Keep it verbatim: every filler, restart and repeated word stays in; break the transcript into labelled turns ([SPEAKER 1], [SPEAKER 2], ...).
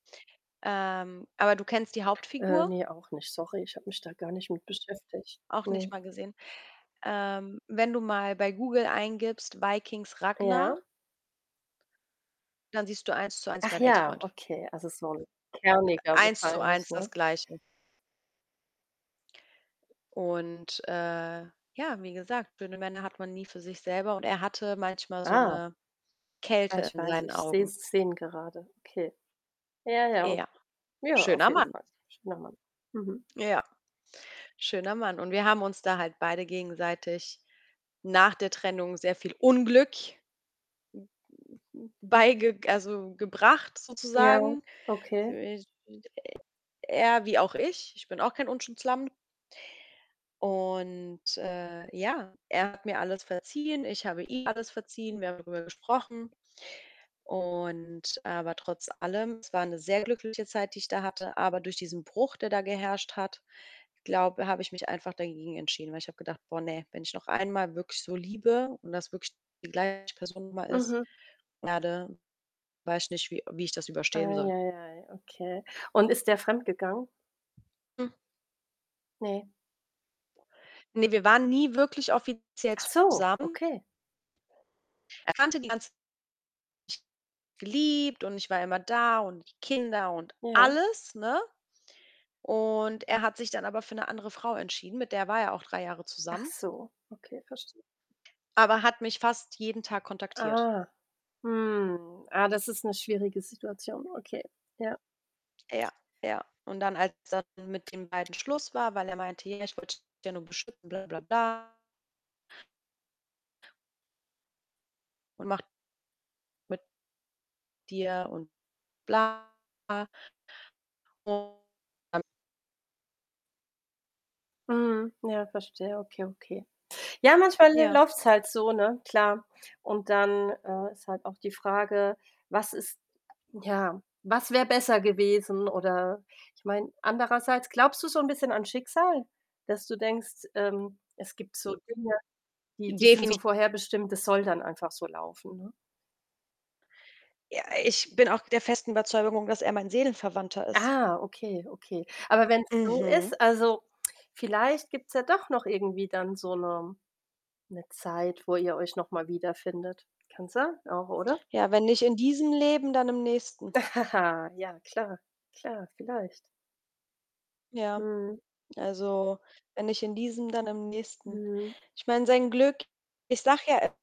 [SPEAKER 1] Ähm, aber du kennst die
[SPEAKER 2] Äh,
[SPEAKER 1] Hauptfigur?
[SPEAKER 2] ne, auch nicht. Sorry, ich habe mich da gar nicht mit beschäftigt.
[SPEAKER 1] Auch nicht
[SPEAKER 2] Ne.
[SPEAKER 1] mal gesehen. Ähm, wenn du mal bei Google eingibst, „Vikings Ragnar“
[SPEAKER 2] Ja?
[SPEAKER 1] dann siehst du Eins-zu-eins
[SPEAKER 2] Ach
[SPEAKER 1] meinen
[SPEAKER 2] ja,
[SPEAKER 1] Exfreund.
[SPEAKER 2] okay. Also, so 'n
[SPEAKER 1] Äh,
[SPEAKER 2] kerniger wahrscheinlich,
[SPEAKER 1] Eins-zu-eins das
[SPEAKER 2] ne?
[SPEAKER 1] Gleiche. Und, äh, ja, wie gesagt, schöne Männer hat man nie für sich selber und er hatte manchmal so
[SPEAKER 2] Ah.
[SPEAKER 1] 'ne
[SPEAKER 2] Ah,
[SPEAKER 1] Kälte
[SPEAKER 2] ich
[SPEAKER 1] in
[SPEAKER 2] weiß,
[SPEAKER 1] seinen
[SPEAKER 2] ich sehe
[SPEAKER 1] Augen.
[SPEAKER 2] Szenen gerade. Okay. Ja, ja, okay.
[SPEAKER 1] Ja,
[SPEAKER 2] Ja, auf
[SPEAKER 1] schöner
[SPEAKER 2] jeden
[SPEAKER 1] Mann.
[SPEAKER 2] Fall. Schöner Mann. Mhm.
[SPEAKER 1] Ja, schöner Mann. Und wir haben uns da halt beide gegenseitig nach der Trennung sehr viel Unglück beigeg also, gebracht
[SPEAKER 2] Ja,
[SPEAKER 1] sozusagen.
[SPEAKER 2] okay.
[SPEAKER 1] [unintelligible] Er wie auch ich, ich bin auch kein Unschuldslamm. Und, äh, ja, er hat mir alles verziehen. Ich habe ihm alles verziehen. Wir haben drüber gesprochen. Und aber trotz allem, es war 'ne sehr glückliche Zeit, die ich da hatte, aber durch diesen Bruch, der da geherrscht hat, glaube habe ich mich einfach dagegen entschieden. Weil ich habe gedacht: „Boah, ne, wenn ich noch einmal wirklich so liebe und das wirklich die gleiche Person [unintelligible] ist
[SPEAKER 2] Mhm.
[SPEAKER 1] [unintelligible] weiß nicht, wie äh, wie ich das überstehen soll.“
[SPEAKER 2] Eieiei, okay. Und ist er fremdgegangen?
[SPEAKER 1] [unintelligible]
[SPEAKER 2] Ne?
[SPEAKER 1] Ne, wir waren nie wirklich offiziell
[SPEAKER 2] Ach so,
[SPEAKER 1] zusammen.
[SPEAKER 2] okay.
[SPEAKER 1] Er kannte die ganz geliebt und ich war immer da und die Kinder und
[SPEAKER 2] Ja.
[SPEAKER 1] alles, ne? Und er hat sich dann aber für 'ne andere Frau entschieden, mit der war er auch drei Jahre
[SPEAKER 2] Ach
[SPEAKER 1] zusammen
[SPEAKER 2] so, okay, verstehe.
[SPEAKER 1] aber hat mich fast jeden Tag kontaktiert.
[SPEAKER 2] Ah, hm. Ah, das ist 'ne schwierige Situation. Okay, ja.
[SPEAKER 1] Ja, ja. Und dann, als dann mit den beiden Schluss war, weil er meinte: „Hier, ich wollte dich ja nur beschützen, bla bla bla“ „und macht“ „mit“ „dir und bla.“ [unintelligible]
[SPEAKER 2] Mhm. Ja, verstehe. Okay, okay. Ja, manchmal l
[SPEAKER 1] Ja.
[SPEAKER 2] läuft's halt so, ne, klar. Und dann, äh, ist halt auch die Frage, was ist ja, was wäre besser gewesen? Oder ich meine andererseits, glaubst du so 'n bisschen an Schicksal, dass du denkst, ähm: „Es gibt so Dinge, die die sind
[SPEAKER 1] Definit
[SPEAKER 2] so vorherbestimmt, das soll dann einfach so laufen, ne?“
[SPEAKER 1] Ja, ich bin auch der festen Überzeugung, dass er mein Seelenverwandter ist.
[SPEAKER 2] Ah, okay, okay. Aber wenn's so
[SPEAKER 1] Mhm.
[SPEAKER 2] ist, also, vielleicht gibt's ja doch noch irgendwie dann so 'ne 'ne Zeit, wo ihr euch noch mal wiederfindet. Kann sein auch, oder?
[SPEAKER 1] Ja, wenn nicht in diesem Leben, dann im nächsten.
[SPEAKER 2] Ja, klar. Klar, vielleicht.
[SPEAKER 1] Ja.
[SPEAKER 2] Mhm.
[SPEAKER 1] Also, wenn nicht in diesem, dann im nächsten.
[SPEAKER 2] Mhm.
[SPEAKER 1] Ich meine, sein Glück ich sage ja e